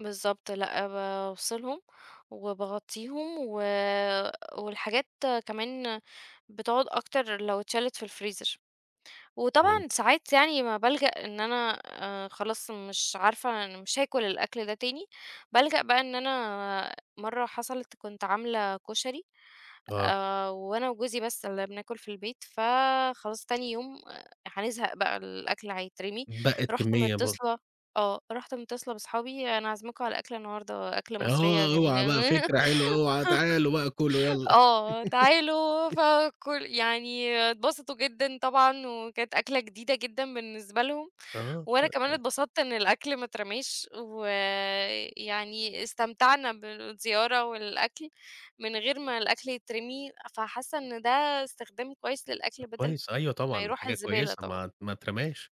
بالضبط. لأ، بافصلهم وباغطّيهم و والحاجات كمان بتقعد أكتر لو اتشالت في الفريزر. إمم. وطبعًا ساعات يعني ما بالجأ إن أنا أ خلاص مش عارفة أنا مش هاكل الأكل ده تاني، بالجأ بقى إن أنا مرّة حصلت، كنت عاملة كشري، آه. آآ وأنا وجوزي بس اللي بناكل في البيت، فخلاص تاني يوم هنزهق بقى، الأكل هيترمي، اتبقّت رُحت كمّية برضه. مِتّصلة آه، رُحت مِتّصلة باصحابي "أنا عزماكم على الأكل النهاردة، أكلة مصرية آه، أوعى بقى، جميلة، فكرة حلوة، أوعى، تعالوا بقى، كلوا يالّا. آه، تعالوا." فكل يعني اتبسطوا جدًا طبعًا وكانت أكلة جديدة جدًا بالنسبة لهم. آه وأنا كمان [unintelligible] اتبسطت إن الأكل ما اترماش، ويعني استمتعنا بالزيارة والأكل من غير ما الأكل يترمي. فحاسّة إن ده استخدام كويس للأكل، طب بَدَل كويس، أيوة ما طبعًا دي يروح حاجة الزبالة كويسة، طبعًا. ما ما اترماش.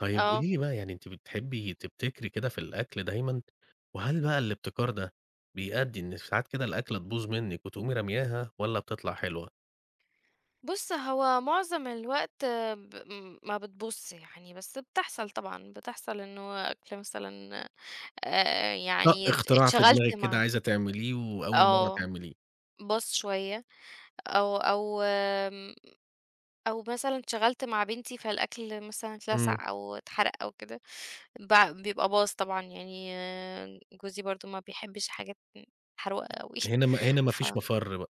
طيّب آه. قولي لي بقى يعني، أنتِ بتحبي تبتكري كده في الأكل دايمًا؟ وهل بقى الابتكار ده بيأدّي إن ساعات كده الأكلة تبوظ منِّك وتقومي رمياها والّا بتطلع حلوة؟ بُص، هو معظم الوقت ب م ما بتبوظش يعني، بس بتحصل طبعًا، بتحصل إنه أكل مثلًا أ أ طَق يعني اتش إختراع في اتشغلت دماغِك كده مع عايزة تعمليه وأول مرةّ آه، تعمليه. باظ شوية أو أو آمم، أو مثلًا اتشغلت مع بنتي فالأكل مثلًا إمم. اتلسع أو اتحرق أو كده، بع بيبقى باظ طبعًا، يعني جوزي برضه ما بيحبش حاجات م محروقة أوي. هنا م هنا ما ف فيش مَفَر بقي.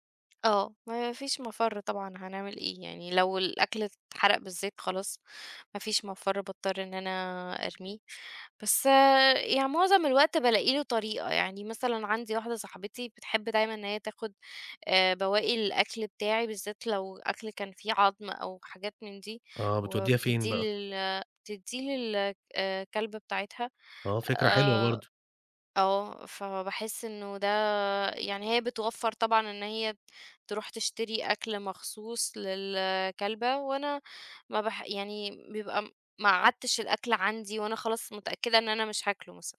آه. ما فيش مَفَر طبعًا هنعمل إيه؟ يعني لو الأكل اتحرق بالذات خلاص ما فيش مَفَر باضطر إن أنا أرميه. بس يعني معظم الوقت بالاقي له طريقة، يعني مثلًا عندي واحدة صاحبتي بتحب دايمًا إن هي تاخد آآ بواقي الأكل بتاعي بالذات لو أكل كان فيه عضم أو حاجات من دي، آه. بتودّيها فين وبتدّيه بقى؟ لل تدّيه لل آآ، كلبة بتاعتها. آه فكرة حلوة آآ، برضه. آه، فباحس إنه ده يعني هي بتوفّر طبعًا إن هي تروح تشتري أكل مخصوص للكلبة وأنا ما بح يعني بيبقى ما قعّدتش الأكل عندي وأنا خلاص متأكدة إن أنا مش هاكله مثلًا.